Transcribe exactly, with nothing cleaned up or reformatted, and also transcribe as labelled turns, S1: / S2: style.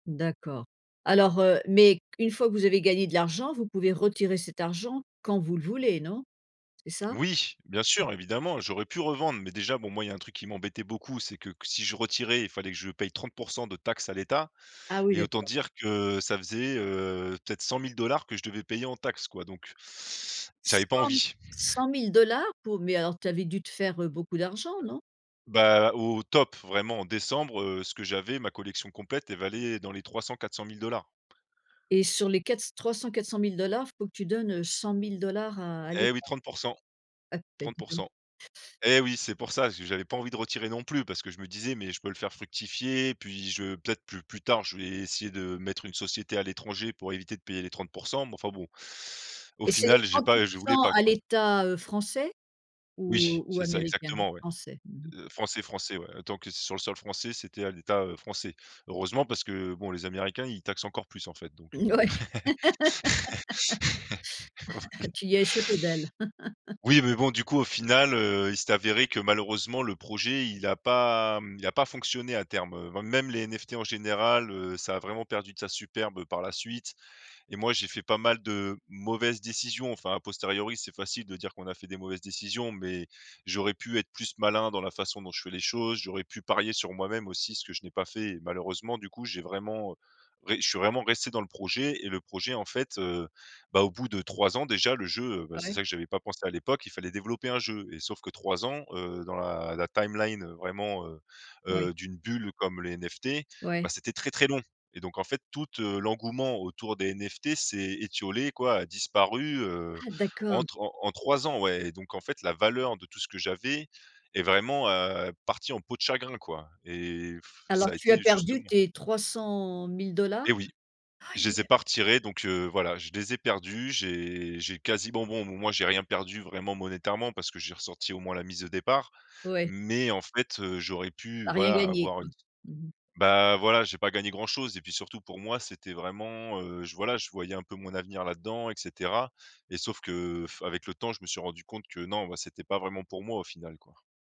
S1: D'accord. Alors, heu, mais une fois que vous avez gagné de l'argent, vous pouvez retirer cet argent quand vous le voulez, non? C'est ça?
S2: Oui, bien sûr. Evidemment, j'aurais pu revendre, mais déjà bon, moi, il y a un truc qui m'embêtait beaucoup, c'est que q si je retirais, il fallait que je paye trente pour cent de taxes à l'État,
S1: Ah oui
S2: et autant
S1: d'accord.
S2: dire que ça faisait, heu, peut-être cent mille dollars que je devais payer en taxes quoi, donc j'avais pas
S1: cent mi
S2: envie.
S1: cent mille dollars pour mais alors tu avais dû te faire, heu, beaucoup d'argent, non?
S2: Bah, au top, vraiment en décembre, heu, ce que j'avais, ma collection complète, elle valait dans les trois cent-quatre cent mille dollars.
S1: Et sur les quatre trois cent-quatre cent mille dollars, il faut que tu donnes, heu, cent mille dollars à à l'Etat?
S2: Et oui, trente pour cent
S1: Ah bah,
S2: trente
S1: dis
S2: pour
S1: donc.
S2: cent. Et oui, c'est pour ça, j j'avais pas envie de retirer non plus parce que je me disais: «Mais je peux le faire fructifier, puis je peut-être plu plus tard, je vais essayer de mettre une société à l'étranger pour éviter de payer les trente pour cent». Mais enfin, bon, au
S1: Et c'est les
S2: final, j'ai
S1: trente pour
S2: pas je voulais
S1: cent
S2: pas
S1: à
S2: quoi.
S1: l'État, heu, français
S2: Oui,
S1: ou ou
S2: c'est ça
S1: américain?
S2: exactement, ouais,
S1: Français, mmh mh.
S2: heu, français français, ouais. Tant que sur le sol français, c'était à l'État, heu, français. Heureusement parce que bon, les Américains, ils taxent encore plus, en fait, donc, heu
S1: Mouais, tu y as échappé belle.
S2: Oui mais bon du coup, au final, heu, il s'est avéré que malheureusement le projet, il a pas, mmh, il a pas fonctionné à terme, hem. Même les NFT en général, heu, ça a vraiment perdu de sa superbe, heu, par la suite et moi, j'ai fait pas mal de mauvaises décisions. Enfin, à posteriori, c'est facile de dire qu'on a fait des mauvaises décisions, mais j'aurais pu être plus malin dans la façon dont je fais les choses. J'aurais pu parier sur moi-même aussi, ce que je n'ai pas fait malheureusement. Du coup, j'ai vraiment, heu, ré je suis vraiment resté dans le projet et le projet, en fait, heu bah, au bout de trois ans déjà le jeu, heu, bah, c'est
S1: Ouais.
S2: ça que j'avais pas à l'époque, il fallait développer un jeu. Et sauf que trois ans, heu, dans la la timeline vraiment, heu
S1: Oui.
S2: heu, d'une bulle comme les NFT,
S1: Ouais.
S2: bah, c'était très très long. Et donc, en fait, toute, heu, l'engouement autour des NFT s'est étiolé quoi, a disparu, heu,
S1: Ah d'accord.
S2: entre en en trois ans, ouais et donc, en fait, la valeur de tout ce que j'avais est vraiment, heu, partie en peau de chagrin quoi et f ça
S1: Alors
S2: a
S1: tu as
S2: été
S1: perdu
S2: justement
S1: tes trois cent mille dollars?
S2: Et oui, je
S1: Aïe.
S2: les ai pas retiré donc, heu, voilà, je les ai perdus. J'ai j'ai quasiment bon, moi j'ai rien perdu vraiment monétairement parce que j'ai ressorti au moins la mise au départ.
S1: Ouais.
S2: Mais en fait, heu, j'aurais pu
S1: Tu as rien
S2: voilà
S1: gagné
S2: avoir
S1: quoi.
S2: une
S1: Mmh mh.
S2: bah, voilà, j'ai pas gagné grand-chose et puis surtout, pour moi, c'était vraiment, heu, j voilà, je voyais un peu mon avenir là-dedans, et cetera. Et sauf que, heu, f avec le temps, je me suis rendu compte que non, bah, c'était pas vraiment pour moi au final, quoi.